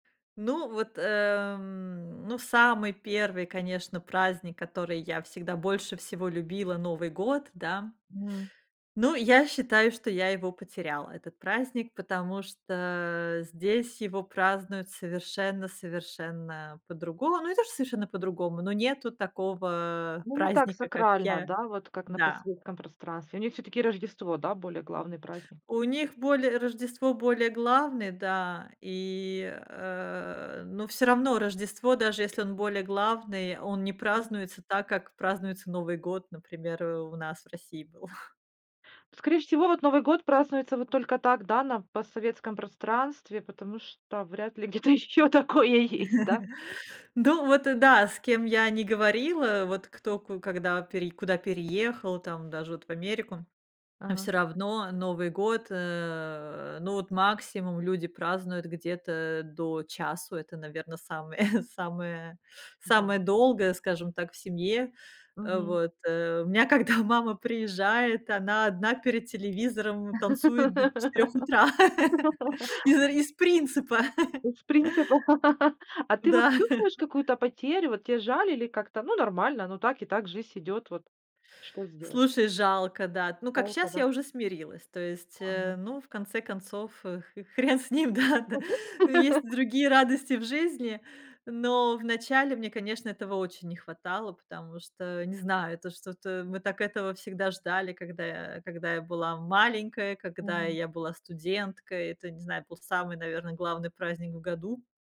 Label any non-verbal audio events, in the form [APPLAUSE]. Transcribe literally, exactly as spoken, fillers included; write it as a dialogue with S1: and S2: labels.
S1: Ну, вот, эм, ну, самый первый, конечно, праздник, который я всегда больше всего любила,- Новый год, да.
S2: Мгм.
S1: Ну, я считаю, что я его потеряла, этот праздник, потому что здесь его празднуют совершенно совершенно по-другому. Ну, не то что совершенно по-другому, ну, нету такого
S2: Ну, не так
S1: праздника, как
S2: сакрально,
S1: я
S2: да, вот как на
S1: Да.
S2: постсоветском пространстве. У них все-таки Рождество, да, более главный праздник.
S1: У них более Рождество более главный, да, и, э, ну, всё равно Рождество, даже если он более главный, он не
S2: Мгм.
S1: празднуется так, как празднуется Новый год, например, у нас в России был.
S2: Скорее всего, вот Новый год празднуется вот только так, да, на постсоветском пространстве, потому что вряд ли где-то ещё такое есть, да?
S1: [LAUGHS] Ну, вот да, с кем я не говорила, вот кто ку когда пери куда переехал, там, даже вот в Америку, всё
S2: Ага.
S1: равно Новый год, э, ну, вот, максимум люди празднуют где-то до часу. Это, наверно, самое [CHUCKLES] самое
S2: М-да.
S1: самое долгое, скажем так, в семье. Э,
S2: Мгм.
S1: вот, э, у меня, когда мама приезжает, она одна перед телевизором танцует до четырёх утра [CHUCKLES] из-за,
S2: [LAUGHS]
S1: из принципа. [CHUCKLES]
S2: Из принципов. [LAUGHS] А ты вот
S1: Да.
S2: чувствуешь
S1: [CHUCKLES]
S2: какую-то потерю? Вот те жаль или как-то, ну, нормально, ну, так и так, жизнь идет, вот что сделать?
S1: Слушай, жалко, да. Ну, как,
S2: Жалко,
S1: щас-
S2: да?
S1: я уже смирилась. То есть, э,
S2: Ага.
S1: ну, в конце концов, х хрен с ним, да да.
S2: [UNINTELLIGIBLE]
S1: Ну, есть
S2: [LAUGHS]
S1: другие радости в жизни, но в начале мне, конечно, этого очень не хватало, потому что, не знаю, это что-то мы так этого всегда ждали, когда я когда я была маленькой, когда
S2: Мгм.
S1: я была студенткой. Это, не знаю, был самый, наверно, главный праздник в году.